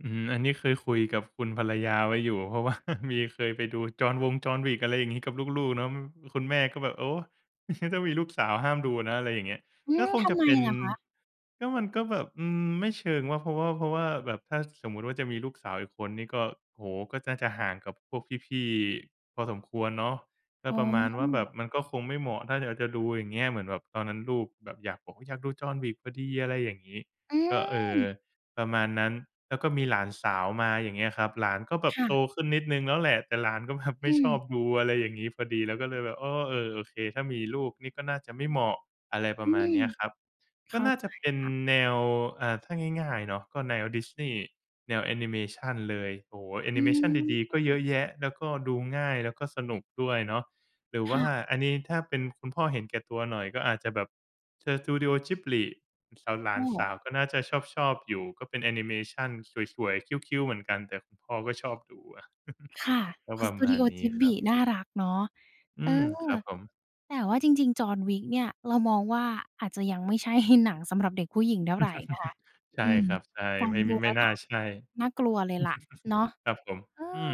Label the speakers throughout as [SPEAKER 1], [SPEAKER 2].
[SPEAKER 1] อืม อันนี้เคยคุยกับคุณภรรยาไว้อยู่ เพราะ ว่า มีเคยไปดู จอห์นวง John Wick อะไรอย่างงี้กับลูก ๆ เนาะ คุณแม่ก็แบบ โอ้ งั้น ถ้ามีลูกสาวห้ามดูนะ อะไรอย่างเงี้ย
[SPEAKER 2] อื
[SPEAKER 1] ก็
[SPEAKER 2] ม
[SPEAKER 1] คง
[SPEAKER 2] ท
[SPEAKER 1] จ
[SPEAKER 2] ำ
[SPEAKER 1] ะ
[SPEAKER 2] ไม
[SPEAKER 1] เป็น
[SPEAKER 2] เหรอคะ?
[SPEAKER 1] ก็มันก็แบบ อืม ไม่เชิงว่า เพราะว่า เพราะว่าแบบถ้าสมมุติว่าจะมีลูกสาวอีกคนนี่ก็ โอ้โฮ ก็น่าจะห่างกับพวกพี่ ๆ พอสมควรเนาะ ก
[SPEAKER 2] อ
[SPEAKER 1] ็
[SPEAKER 2] ๋
[SPEAKER 1] ประมาณว่าแบ
[SPEAKER 2] อ
[SPEAKER 1] บมันก็คงไม่เหมาะถ้าเราจะดู อย่างเงี้ย เหมือนแบบตอนนั้นลูกแบบอยาก บอกอยากดู John Wick พอดี อะไรอย่างงี้
[SPEAKER 2] อ
[SPEAKER 1] ก็ เออ
[SPEAKER 2] ืม
[SPEAKER 1] ประมาณนั้น แล้วก็มีหลานสาวมา อย่างเงี้ยครับ หลานก็แบ
[SPEAKER 2] ค
[SPEAKER 1] บ
[SPEAKER 2] ่
[SPEAKER 1] โต
[SPEAKER 2] ะ
[SPEAKER 1] ขึ้นนิดหนึ่งแล้วแหละ แต่หลานก็แบบไ
[SPEAKER 2] อ
[SPEAKER 1] ม
[SPEAKER 2] ื
[SPEAKER 1] ่ชอ
[SPEAKER 2] ม
[SPEAKER 1] บดูอะไรอย่างงี้พอดี เราก็เลยแบบ อ้อ เออ โอเค ถ้ามีลูกนี่ก็น่าจะไม่เหมาะ อะไรป
[SPEAKER 2] อ
[SPEAKER 1] ร
[SPEAKER 2] ื
[SPEAKER 1] ะมาณ
[SPEAKER 2] ม
[SPEAKER 1] เนี้ยครับ
[SPEAKER 2] เข
[SPEAKER 1] ก็
[SPEAKER 2] ้า
[SPEAKER 1] น่า
[SPEAKER 2] ใ
[SPEAKER 1] จ
[SPEAKER 2] จ
[SPEAKER 1] ะเป็น
[SPEAKER 2] ค่ะ
[SPEAKER 1] แนว อ่า ถ้าง่าย ๆ เนาะ ก็แนว Disney แนวแอนิเมชันเลย โอ้โฮ แอ
[SPEAKER 2] อ
[SPEAKER 1] น
[SPEAKER 2] ื
[SPEAKER 1] ิเมชันดี ๆ ก็เย
[SPEAKER 2] ม
[SPEAKER 1] อะแยะ แล้วก็ดูง่าย แล้วก็สนุกด้วยเนาะ หรือ
[SPEAKER 2] ค
[SPEAKER 1] ว
[SPEAKER 2] ่
[SPEAKER 1] ่า
[SPEAKER 2] ะ
[SPEAKER 1] อันนี้ถ้าเป็นคุณพ่อเห็นแก่ตัวหน่อย ก็อาจจะแบบ Studio Ghibli สาว หลา
[SPEAKER 2] ก
[SPEAKER 1] นส
[SPEAKER 2] ็
[SPEAKER 1] าวก็น่าจะชอบ ๆ อยู่ ก็เป็นแอนิเมชันสวย ๆ cute cute เหมือนกัน แต่คุณพ่อก็ชอบดูอะ
[SPEAKER 2] ค่ะ
[SPEAKER 1] ก็
[SPEAKER 2] ขอ
[SPEAKER 1] ป
[SPEAKER 2] ง
[SPEAKER 1] ระมาณ
[SPEAKER 2] Studio
[SPEAKER 1] นี้ครั
[SPEAKER 2] Ghibli
[SPEAKER 1] บ
[SPEAKER 2] น่ารักเนาะ
[SPEAKER 1] อื
[SPEAKER 2] เออ
[SPEAKER 1] ม ครับผม
[SPEAKER 2] แต่ว่าจริง ๆ John Wick เนี่ยเรามองว่าอาจจะยังไม่ ใช่ หนังสำหรับเด็กผู้หญิงเท่าไรนะคะ
[SPEAKER 1] ใช
[SPEAKER 2] อ
[SPEAKER 1] ่
[SPEAKER 2] ืม
[SPEAKER 1] ครับ ใช่
[SPEAKER 2] ฟั
[SPEAKER 1] ไ
[SPEAKER 2] ง
[SPEAKER 1] ม่
[SPEAKER 2] ด
[SPEAKER 1] ม
[SPEAKER 2] ูแ
[SPEAKER 1] ไ
[SPEAKER 2] ล
[SPEAKER 1] ม
[SPEAKER 2] ้
[SPEAKER 1] ่
[SPEAKER 2] ว
[SPEAKER 1] น
[SPEAKER 2] น
[SPEAKER 1] ่า
[SPEAKER 2] ่า
[SPEAKER 1] ใช่
[SPEAKER 2] น่ากลัวเลยแหละเนาะ
[SPEAKER 1] ครับผม
[SPEAKER 2] เอ
[SPEAKER 1] อื
[SPEAKER 2] อ
[SPEAKER 1] ม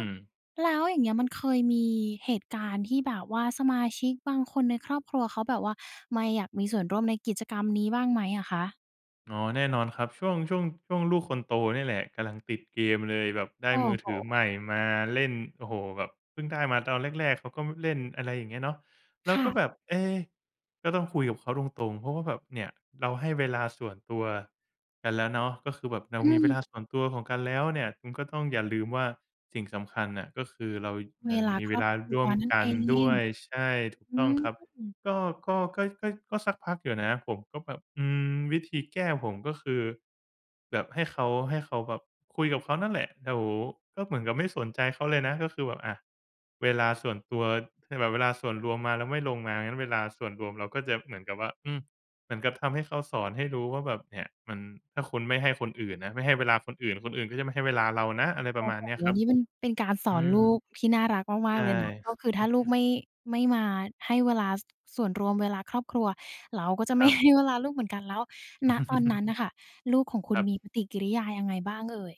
[SPEAKER 2] แล้วอย่างเงี้ยมันเคยมีเหตุการณ์ที่แบบว่าสมาชิกบางคนในครอบครัวเขาแบบว่าไมอยากมีส่วนร่วมในกิจกรรมนี้บ้างไหมอะคะ?
[SPEAKER 1] อ๋อ แน่นอนครับ ช่วง ช่วง ช่วงลูกคนโตเนี่ยแหละกำลังติดเกมเลย แบบได้
[SPEAKER 2] โอ้
[SPEAKER 1] มือ
[SPEAKER 2] โฮ
[SPEAKER 1] ถือใหม่มา เล่น โอ้โฮ แบบเพิ่งได้มาตอนแรก ๆ เขาก็เล่น อะไรอย่างเงี้ยเนาะ แล
[SPEAKER 2] ค
[SPEAKER 1] ้ว
[SPEAKER 2] ่
[SPEAKER 1] ก็
[SPEAKER 2] ะ
[SPEAKER 1] แบบ เอ๊ะ ก็ต้องคุยกับเขาตรง ๆ เพราะว่าแบบ เนี่ยเราให้เวลาส่วนตัวกันแล้วเนาะ ก็คือแบบเรา
[SPEAKER 2] อื
[SPEAKER 1] มีเว
[SPEAKER 2] ม
[SPEAKER 1] ลาส่วนตัวของกันแล้วเนี่ย คุณก็ต้องอย่าลืมว่าสิ่งสำคัญน่ะก็คือเรา
[SPEAKER 2] เ
[SPEAKER 1] ย
[SPEAKER 2] ว
[SPEAKER 1] ัง
[SPEAKER 2] ลา
[SPEAKER 1] มี
[SPEAKER 2] ค
[SPEAKER 1] เว
[SPEAKER 2] รอ
[SPEAKER 1] ล
[SPEAKER 2] บ
[SPEAKER 1] า
[SPEAKER 2] ครั
[SPEAKER 1] ร่
[SPEAKER 2] ว
[SPEAKER 1] วม
[SPEAKER 2] นั่น
[SPEAKER 1] ก
[SPEAKER 2] เ
[SPEAKER 1] ั
[SPEAKER 2] อ
[SPEAKER 1] นด้
[SPEAKER 2] ง
[SPEAKER 1] วย ใช่ ถูก
[SPEAKER 2] อื
[SPEAKER 1] ต้อง
[SPEAKER 2] ม
[SPEAKER 1] ครับ ก็ ก็ ก็ ก็ ก็สักพักอยู่นะ ผมก็แบบ อืม วิธีแก้ผมก็คือแบบให้เขา ให้เขาแบบคุยกับเขานั่นแหละ เดี๋ยว ก็เหมือนกับไม่สนใจเขาเลยนะ ก็คือแบบ อ่า เวลาส่วนตัว คือแบบเวลาส่วนรวมมาแล้วไม่ลงมา งั้นเวลาส่วนรวมเราก็จะเหมือนกับว่า อืม เหมือนกับทำให้เขา สอนให้รู้ว่า แบบ "เนี่ย มัน ถ้าคุณไม่ให้คนอื่นนะ ไม่ให้เวลาคนอื่น คนอื่นก็จะไม่ให้เวลาเรานะ" อะไรป
[SPEAKER 2] โ
[SPEAKER 1] ร
[SPEAKER 2] อ
[SPEAKER 1] ะ
[SPEAKER 2] ้
[SPEAKER 1] มาณ
[SPEAKER 2] โฮ
[SPEAKER 1] เนี้ยครับ
[SPEAKER 2] นี่มันเป็นการส
[SPEAKER 1] อ
[SPEAKER 2] อ
[SPEAKER 1] ื
[SPEAKER 2] น
[SPEAKER 1] ม
[SPEAKER 2] ลูกที่น่ารักม
[SPEAKER 1] ใช
[SPEAKER 2] าก
[SPEAKER 1] ่
[SPEAKER 2] ๆ เลยนะ ก็คือถ้าลูกไม่ ไม่มาให้เวลา ส ส่วนรวมเวลาครอบครัว เราก็จะ
[SPEAKER 1] ค
[SPEAKER 2] ไม
[SPEAKER 1] ร
[SPEAKER 2] ่
[SPEAKER 1] ับ
[SPEAKER 2] ให้เวลาลูกเหมือนกัน แล้ว ณ ตอน นั้นน่ะค่ะ ลูกของคุ
[SPEAKER 1] ค
[SPEAKER 2] ณ
[SPEAKER 1] รับ
[SPEAKER 2] มีปฏิกิริยายังไงบ้างเอ่ย?